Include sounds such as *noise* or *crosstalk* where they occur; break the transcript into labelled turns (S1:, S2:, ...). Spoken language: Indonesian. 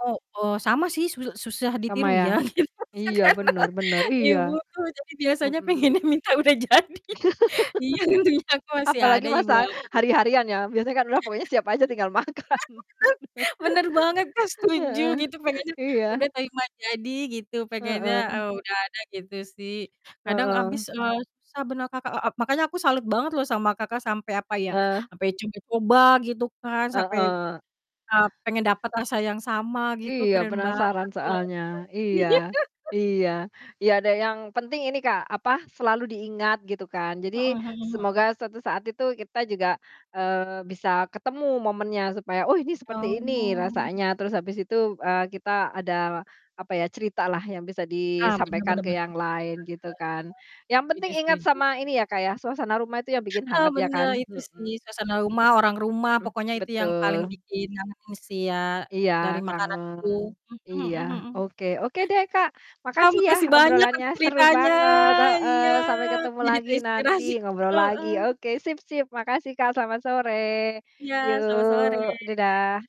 S1: Heeh, sama sih suse susah
S2: Sama,
S1: ditiru,
S2: ya?
S1: ya, gitu,
S2: Iya,
S1: masakan
S2: benar
S1: *laughs*
S2: benar.
S1: ibu,
S2: Iya.
S1: tuh, jadi, biasanya
S2: Mhm.
S1: pengennya minta udah jadi. Iya, untungnya
S2: *clears throat*
S1: aku
S2: *laughs*
S1: masih
S2: Apalagi
S1: ada ibu
S2: masak
S1: aku.
S2: hari-harian, ya, biasanya kan, udah, pokoknya siap aja,
S1: *laughs*
S2: tinggal makan.
S1: Bener, benar banget, Kak,
S2: *laughs*
S1: setuju,
S2: Heeh,
S1: gitu, pengennya udah
S2: iya.
S1: terima jadi gitu, pengennya,
S2: Heeh.
S1: eee, udah ada gitu, sih. Kadang
S2: Heeh.
S1: abis, eee, susah benar Kakak, e ep makanya aku salut banget loh sama Kakak sampai apa ya,
S2: Eh.
S1: sampai coba-coba gitu, kan, sampai,
S2: Heeh.
S1: eee,
S2: *clears throat*
S1: pengen dapet rasa yang sama gitu
S2: Iya,
S1: keren
S2: penasaran
S1: banget, loh.
S2: soalnya. Iya,
S1: Iya. *laughs*
S2: iya, iya, ada yang penting ini, Kak, apa, selalu diingat gitu, kan, jadi
S1: Heeh heeh he
S2: semoga suatu saat itu kita juga, eee, bisa ketemu momennya supaya, "Oh, ini seperti ini
S1: Oh.
S2: rasanya." Terus, habis itu, eee, kita ada, apa ya, ceritalah yang bisa
S1: Ah, benar
S2: disampaikan
S1: benar
S2: ke
S1: benar
S2: yang
S1: benar banget.
S2: lain, gitu, kan. Yang penting
S1: Setuju
S2: ingat
S1: setuju.
S2: sama ini ya, Kak ya, suasana rumah itu yang bikin
S1: Ah,
S2: hangat ya
S1: benar,
S2: kan?
S1: itu, sih,
S2: Mhm.
S1: suasana rumah, orang rumah,
S2: Mmm,
S1: pokoknya itu yang
S2: betul.
S1: paling bikin ngangenin sih ya
S2: Iya,
S1: dari makanan itu.
S2: kangen,
S1: Mhm
S2: iya,
S1: mhm mhm.
S2: oke. Oke, deh, Kak,
S1: Kak,
S2: makasih, ya,
S1: makasih banyak
S2: obrolannya
S1: untuk
S2: seru
S1: ceritanya
S2: banget,
S1: iya,
S2: heeh. Sampai
S1: aku
S2: ketemu
S1: jadi
S2: lagi nanti,
S1: terinspirasi.
S2: ngobrol lagi.
S1: Heeh.
S2: Oke, sip sip, makasih, Kak, selamat sore.
S1: Iya, selamat sore.
S2: Yuk, dadah.